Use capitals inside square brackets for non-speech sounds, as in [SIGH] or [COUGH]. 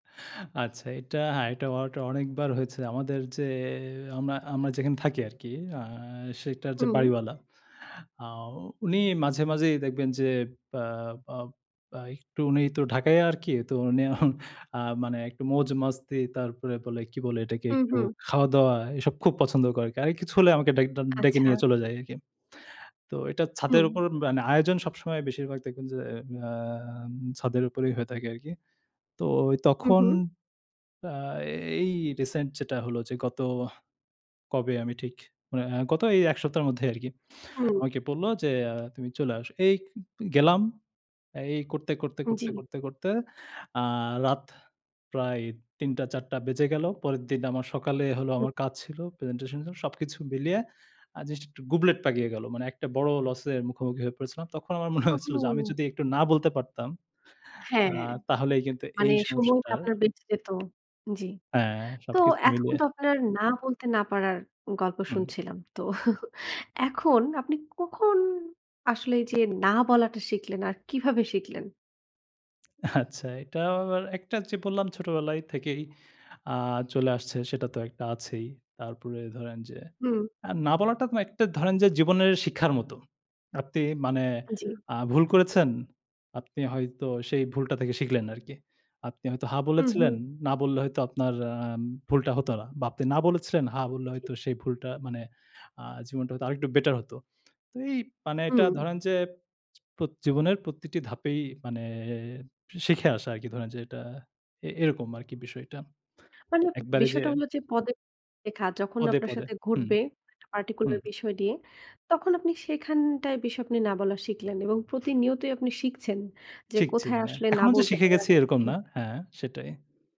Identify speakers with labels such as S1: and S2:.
S1: আচ্ছা এটা, হ্যাঁ, অটো অনেকবার হয়েছে আমাদের যে আমরা আমরা যেখানে থাকি আরকি আ সেটার যে
S2: হুম।
S1: বাড়িওয়ালা আ উনি মাঝে মাঝেই দেখবেন যে ব্য আ একটু উনি তো ঢাকাইয়া আরকি। তো উনি [CHUCKLES] আ মানে একটু মৌজ-মস্তি তারপরে বলে কি বলে এটাকে
S2: হুম,
S1: একটু
S2: হুম।
S1: খাওয়া দাওয়া এসব খুব পছন্দ করে। কারো কিছু হলে আমাকে ডেক ড ডেকে নিয়ে
S2: আচ্ছা।
S1: চলে যাই আরকি। তো এটা ছাদের
S2: হুম।
S1: উপর মানে আয়োজন সবসময় বেশিরভাগ দেখবেন যে আ ছাদের উপরেই হয়ে থাকে আরকি। তো
S2: হুম,
S1: তখন
S2: হুম।
S1: আ এই রিসেন্ট যেটা হলো যে গত কবে আমি ঠিক মানে গত এই এক সপ্তাহের মধ্যেই আরকি।
S2: হুম।
S1: আমাকে বলল যে তুমি চলে আসো, এই গেলাম। এই করতে, করতে, করতে,
S2: জি।
S1: করতে, করতে আ রাত প্রায় ৩ঃ০০ ৪ঃ০০ বেজে গেল। পরের দিন আমার সকালে হলো
S2: হুম।
S1: আমার কাজ ছিল প্রেজেন্টেশন সবকিছু মিলিয়ে। আর জিনিস একটু গুবলেট পাকিয়ে গেল। মানে একটা বড় লস এর মুখোমুখি হয়ে পড়েছিলাম। তখন আমার মনে হয়েছিল যে আমি
S2: ওহ!
S1: যদি একটু না বলতে পারতাম আ
S2: হ্যাঁ
S1: তাহলেই কিন্তু
S2: মানে
S1: এই
S2: সময়টা
S1: সমস্যাটার
S2: আপনার বেঁচে যেত জি,
S1: হ্যাঁ,
S2: তো
S1: সবকিছু
S2: এতক্ষণ
S1: মিলিয়ে।
S2: তো আপনার না বলতে না পারার গল্প
S1: হুম।
S2: শুনছিলাম। তো [CHUCKLES] এখন আপনি কখন আসলে যে না বলাটা শিখলেন আর কিভাবে শিখলেন?
S1: আচ্ছা এটা একটা যে বললাম ছোটবেলায় থেকেই আ চলে আসছে সেটা তো একটা আছেই। তারপরে ধরেন যে
S2: হুম।
S1: না বলাটা একটা ধরেন যে জীবনের শিক্ষার মতো। আপনি মানে
S2: জি।
S1: আ ভুল করেছেন, আপনি হয়তো সেই ভুলটা থেকে শিখলেন আরকি। আপনি হয়তো হ্যাঁ
S2: হুম, হুম।
S1: বলেছিলেন, না বললে হয়তো আপনার আম ভুলটা হত না। বা, আপনি না বলেছিলেন হ্যাঁ বললে
S2: ঠিক।
S1: হয়তো সেই ভুলটা মানে আ জীবনটা হয়তো আরেকটু বেটার হতো। তো এই মানে এটা
S2: হুম।
S1: ধরেন যে জীবনের প্রতিটি ধাপেই মানে শিখে আসা আরকি ধরেন যে এটা এরকম আরকি বিষয়টা
S2: মানে
S1: একবারে যে
S2: বিষয়টা হলো যে পদে লেখা যখন
S1: পদে,
S2: আপনার
S1: পদে
S2: সাথে
S1: হুম,
S2: ঘটবে একটা particular
S1: হুম।
S2: বিষয় নিয়ে তখন আপনি সেখানটায় বিষয় আপনি না বলা শিখলেন এবং প্রতিনিয়তই আপনি শিখছেন যে
S1: শিখছি
S2: কোথায়
S1: মানে
S2: আসলে না
S1: এখনও যে
S2: বলতে
S1: শিখে
S2: হবে আর
S1: গেছি
S2: কোথায়
S1: এরকম না
S2: আসলে
S1: হ্যাঁ, সেটাই।